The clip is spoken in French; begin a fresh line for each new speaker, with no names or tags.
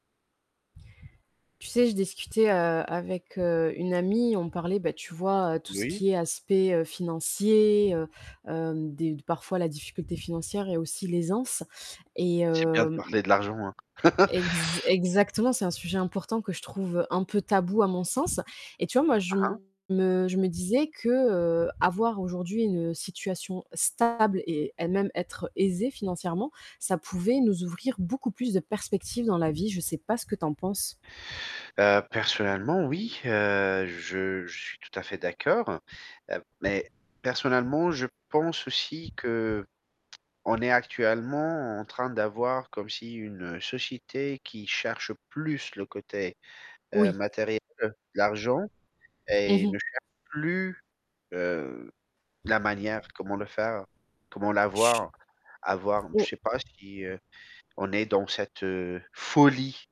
Tu sais, je discutais, heu, avec heu, une amie, on parlait, ben tu vois, tout ce
Oui?
qui est aspect, heu, financier, heu, heu, des d parfois la difficulté financière et aussi l'aisance. Et
C'est bien
heu,
de
mmh mmh e
parler de l'argent, hein.
exa exactement c'est un sujet important que je trouve un peu tabou à mon sens. Et tu vois, moi, je
Hein?
me je me disais que, heu, avoir aujourd'hui une situation stable et elle-même être aisée financièrement, ça pouvait nous ouvrir beaucoup plus de perspectives dans la vie. Je sais pas ce que tu en penses.
Heu, personnellement, oui, heu, je je suis tout à fait d'accord. Heu, mais, personnellement, je pense aussi qu'on est actuellement en train d'avoir comme si une société qui cherche plus le côté, heu
Oui.
matériel, l'argent,
Mmh
et
mh.
ne cherche plus, heu, la manière, comment le faire, comment
Chut!
l'avoir, avoir, je
Bon
sais pas si, heu, on est dans cette folie.